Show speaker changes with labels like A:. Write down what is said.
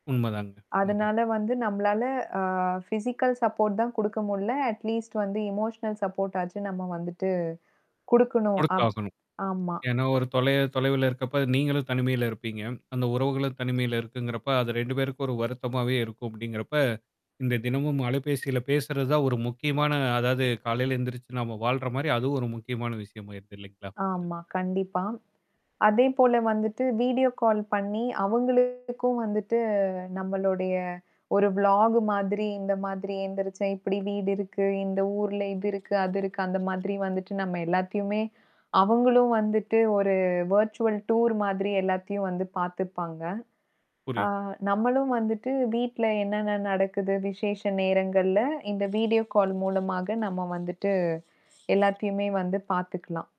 A: உண்மதாங்க. இந்த மாரி.
B: அதனால வந்து நம்மளால அ பிசிக்கல் சப்போர்ட் தான் குடுக்க முடியல. அட் லீஸ்ட் வந்து இமோஷனல் சப்போர்ட் ஆச்சு நம்ம வந்துட்டு குடுக்கணும். அப்
A: குடுத்தாகணும்.
B: ஆமா.
A: ஏன்னா, ஒரு தொலை தொலைவில இருக்கப்ப நீங்களும் தனிமையில இருப்பீங்க. அந்த உறவுகளும் தனிமையில இருக்குங்கிறப்ப, அது 2 பேருக்கும் ஒரு வருத்தமாவே இருக்கும் அப்டிங்கிறப்ப, இந்த தினமும் அலைபேசியில பேசுறது தான் ஒரு முக்கியமான, அதாவது காலையில எழுந்திரிச்சு நாம வாழ்ற மாரி, அதுவும் ஒரு முக்கியமான விஷயமா இருக்கு இல்லைங்களா? இந்த
B: ஆமா.
A: இதுல.
B: கண்டிப்பா. அதே போல வந்துட்டு வீடியோ கால் பண்ணி அவங்களுக்கும் வந்துட்டு நம்மளுடய ஒரு விளாஃக் மாதிரி இந்த மாதிரி எந்திரிச்சன். இப்டி வீடு இருக்கு, இந்த ஊர்ல இது இருக்கு, அது இருக்கு அந்த மாதிரி வந்துட்டு நம்ம எல்லாத்தயுமே அவங்களும் வந்துட்டு ஒரு வெர்ச்சுவல் டூர் மாதிரி எல்லாத்தயும் வந்து பாத்துர்ப்பாங்க. ஆ
A: புரியுது.
B: நம்மளும் வந்துட்டு வீட்ல என்னென்ன நடக்குது? விசேஷ நேரங்கள்ல, இந்த வீடியோ கால் மூலமாக நம்ம வந்துட்டு எல்லாத்துயுமே வந்து பாத்துக்கலாம்.